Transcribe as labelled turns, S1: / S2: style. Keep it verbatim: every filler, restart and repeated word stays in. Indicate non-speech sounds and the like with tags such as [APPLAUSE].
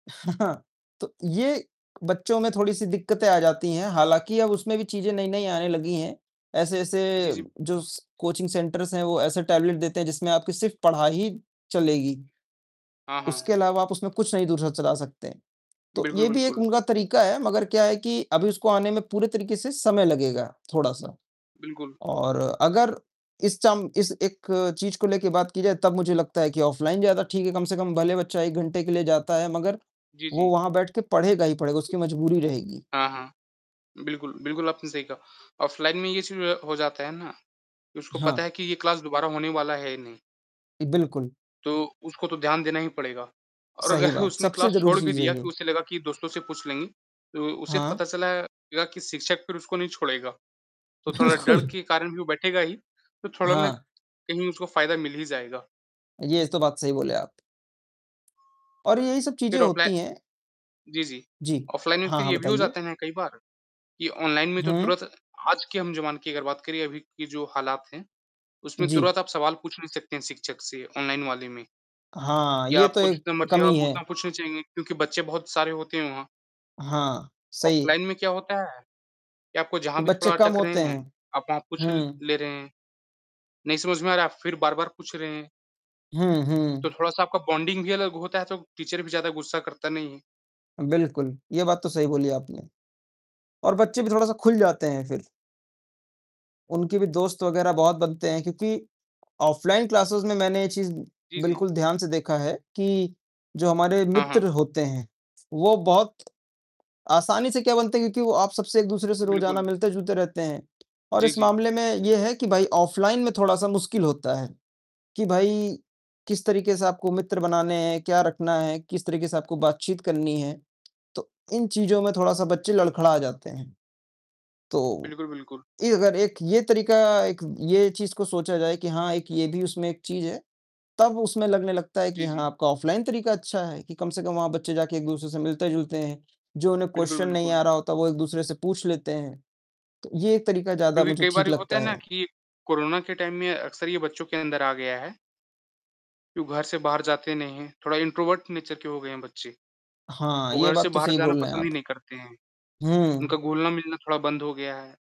S1: [CHUCKLES] तो ये बच्चों में थोड़ी-सी दिक्कतें आ जाती हैं। हालाँकि अब उसमें भी चीज़ें नई-नई आने लगी हैं। ऐसे-ऐसे
S2: जी, जी।
S1: जो
S2: [UNINTELLIGIBLE]
S1: स कोचिंग सेंटर्स हैं वो ऐसे टेबलेट देते हैं जिसमें आपकी सिर्फ़ पढ़ाई ही चलेगी।
S2: हाँ, हाँ।
S1: उसके अलावा आप उसमें कुछ नहीं दूसरा चला सकते हैं। तो
S2: बिल्कुल,
S1: ये भी एक
S2: बिल्कुल।
S1: उनका तरीका है मगर क्या है कि अभी इसको आने में पूरे तरीके से समय लगेगा थोड़ा-सा।
S2: बिल्कुल।
S1: और अगर इस चाम इस एक चीज़ को लेके बात की जाए तब मुझे लगता है कि ऑफलाइन ज़्यादा ठीक है। कम से कम भले बच्चा एक घंटे के लिए जाता है मगर
S2: जी,
S1: वो
S2: जी।
S1: वहाँ बैठ के पढ़ेगा ही पढ़ेगा उसकी मजबूरी रहेगी।
S2: हाँ, हाँ। बिल्कुल, बिल्कुल आपने सही कहा ऑफलाइन में ये चीज़ हो जाता है ना। उसको पता
S1: हाँ।
S2: है कि ये क्लास दोबारा होने वाला है ही नहीं।
S1: बिल्कुल।
S2: तो उसको तो ध्यान देना ही पड़ेगा। और
S1: सही
S2: अगर
S1: बात,
S2: उसने
S1: सबसे
S2: क्लास
S1: ज़रूरी
S2: छोड़ भी
S1: चीज़ है
S2: दिया कि
S1: ये।
S2: उसे लगा कि दोस्तों से पूछ लेंगे, तो उसे
S1: हाँ।
S2: पता चलेगा कि शिक्षक फ़िर उसको नहीं छोड़ेगा। तो थोड़ा डर
S1: बिल्कुल।
S2: के कारण भी वो बैठेगा ही तो थोड़ा ना
S1: हाँ।
S2: कहीं उसको फ़ायदा मिल ही जाएगा।
S1: ये तो बात सही बोले आप। और यही सब चीज़ें
S2: फ़िर ऑफलाइ
S1: होती हैं।
S2: जी, जी।
S1: जी।
S2: ऑफलाइन में
S1: हाँ,
S2: फ़िर
S1: हाँ
S2: ये भी हो
S1: बताइए?
S2: जाता है ना कई बार कि ऑनलाइन में तो
S1: हुँ।
S2: तुरंत आज के हम जमाने की अगर बात करें अभी की जो हालात हैं उसमें
S1: जी।
S2: तुरंत आप सवाल पूछ नहीं सकते हैं शिक्षक से ऑनलाइन वाले में।
S1: हाँ,
S2: या
S1: ये तो
S2: आपको
S1: एक
S2: जितना मर्ज़ी हो
S1: कमी
S2: आप उतना
S1: है।
S2: पूछ नहीं पाएँगे क्योंकि बच्चे बहुत सारे होते हैं वहाँ।
S1: हाँ, सही।
S2: ऑफलाइन में क्या होता है कि आपको जहाँ भी
S1: बच्चे
S2: थोड़ा
S1: कम
S2: अटक रहे
S1: होते
S2: हैं,
S1: हैं।
S2: आप वहाँ पूछ
S1: हुँ।
S2: ले रहे हैं। नहीं समझ में आ रहा है आप फ़िर बार-बार पूछ रहे हैं।
S1: हुँ,
S2: तो
S1: हुँ।
S2: थोड़ा-सा आपका बॉन्डिंग भी अलग होता है, तो टीचर भी ज़्यादा गुस्सा करता नहीं है।
S1: बिल्कुल, ये बात तो सही बोली आपने। और बच्चे भी थोड़ा-सा खुल जाते हैं फ़िर उनके भी दोस्त वगैरह बहुत बनते हैं। क्योंकि ऑफलाइन क्लासेज़ में मैंने ये चीज़
S2: जी, जी।
S1: बिल्कुल ध्यान से देखा है कि जो हमारे
S2: हाँ, हाँ।
S1: मित्र होते हैं। वो बहुत आसानी से क्या बनते हैं क्योंकि वो आप सबसे एक-दूसरे से रोज़ाना
S2: बिल्कुल।
S1: मिलते-जुलते रहते हैं। और
S2: जी,
S1: इस
S2: जी।
S1: मामले में ये है कि भाई ऑफलाइन में थोड़ा-सा मुश्किल होता है कि भाई किस तरीके से आपको मित्र बनाने हैं, क्या रखना है, किस तरीके से आपको बातचीत करनी है। तो इन चीज़ों में थोड़ा-सा बच्चे लड़खड़ा जाते हैं। तो,
S2: बिल्कुल, बिल्कुल।
S1: ये अगर एक ये तरीका एक ये चीज़ को सोचा जाए कि हाँ एक ये भी उसमें एक चीज़ है तब उसमें लगने लगता है
S2: जी,
S1: कि हाँ
S2: जी।
S1: आपका ऑफलाइन तरीका अच्छा है कि कम से कम वहाँ बच्चे जाके एक-दूसरे से मिलते-जुलते हैं। जो उन्हें
S2: बिल्कुल,
S1: क्वेश्चन नहीं
S2: बिल्कुल।
S1: आ रहा होता वो एक-दूसरे से पूछ लेते हैं। तो ये एक तरीका ज़्यादा
S2: क्योंकि
S1: मुझे
S2: कई बार
S1: ठीक
S2: ये होता
S1: लगता
S2: है ना
S1: है।
S2: कि कोरोना के टाइम में अक्सर ये बच्चों के अंदर आ गया है। कि वो घर से बाहर जाते नहीं हैं। थोड़ा इंट्रोवर्ट नेचर के हो गए हैं बच्चे।
S1: हाँ,
S2: वो
S1: ये
S2: घर से
S1: बात तो
S2: बाहर
S1: सही
S2: जाना
S1: बोल रहे हैं
S2: पसंद ही
S1: आप।
S2: नहीं करते हैं,
S1: हुँ।
S2: उनका घुलना-मिलना थोड़ा बंद हो गया है।